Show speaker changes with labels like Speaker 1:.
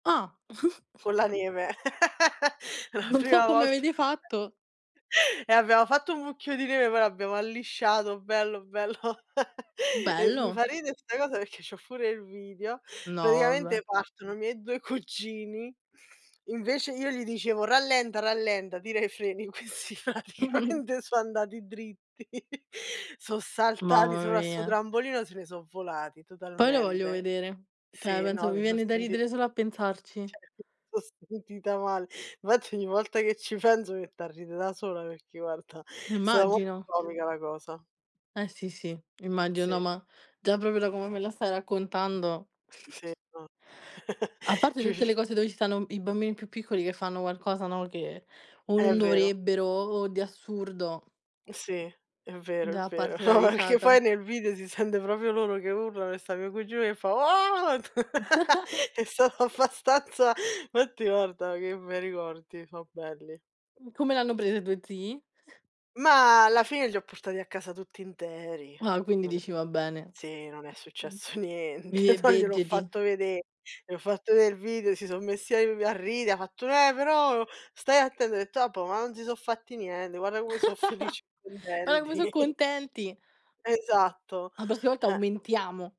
Speaker 1: Ah.
Speaker 2: Con la neve, la
Speaker 1: Non so
Speaker 2: prima
Speaker 1: come
Speaker 2: volta,
Speaker 1: avete fatto.
Speaker 2: abbiamo fatto un mucchio di neve, poi l'abbiamo allisciato, bello, bello, e mi
Speaker 1: Bello.
Speaker 2: fa ridere sta cosa perché c'ho pure il video.
Speaker 1: No, vabbè.
Speaker 2: Praticamente partono i miei 2 cugini, invece io gli dicevo: “Rallenta, rallenta, tira i freni.” Questi praticamente so' andati dritti, so' saltati
Speaker 1: Mamma
Speaker 2: sopra sto
Speaker 1: mia.
Speaker 2: trampolino, se ne so' volati
Speaker 1: Poi lo voglio
Speaker 2: totalmente.
Speaker 1: vedere. Cioè
Speaker 2: Sì,
Speaker 1: penso
Speaker 2: no,
Speaker 1: mi
Speaker 2: mi son
Speaker 1: viene da
Speaker 2: senti
Speaker 1: ridere solo a pensarci.
Speaker 2: Cioè [unintelligible] sentita mal fatti ogni volta che ci penso mi metto a ridere da sola, perché guarda, è stata mo
Speaker 1: Immagino.
Speaker 2: comica la cosa.
Speaker 1: Eh si, sì, immagino. No,
Speaker 2: Sì.
Speaker 1: ma già proprio da come me la stai raccontando.
Speaker 2: Sì, non
Speaker 1: A parte tutte le
Speaker 2: [unintelligible]
Speaker 1: cose dove ci stanno i bambini più piccoli che fanno qualcosa, no, che o
Speaker 2: È
Speaker 1: non
Speaker 2: vero.
Speaker 1: dovrebbero o di assurdo.
Speaker 2: Sì, è vero, è
Speaker 1: Da
Speaker 2: vero.
Speaker 1: parte la
Speaker 2: No, perché
Speaker 1: risata.
Speaker 2: poi nel video si sente proprio loro che urlano e sta mio cugino che fa: "Oh!" È stato abbastanza fatti guarda, che bei ricordi, so' belli.
Speaker 1: Mh, come l'hanno presa i tuoi zii?
Speaker 2: Ma alla fine li ho portati a casa tutti interi,
Speaker 1: Ah, quindi
Speaker 2: non è
Speaker 1: dici va bene.
Speaker 2: sì, non è successo
Speaker 1: Vivi
Speaker 2: niente.
Speaker 1: e
Speaker 2: No, gliel'ho
Speaker 1: vegeti.
Speaker 2: fatto vedè, gli ho fatto ve il video, si son messi av a ride, ha fatto: “Eh, però stai atte” ho detto: “Vabbuò, ma non si so' fatti niente, guarda come so' felici
Speaker 1: Guarda come so'
Speaker 2: contenti.”
Speaker 1: contenti.
Speaker 2: Esatto.
Speaker 1: A prossima volta
Speaker 2: Eh.
Speaker 1: aumentiamo!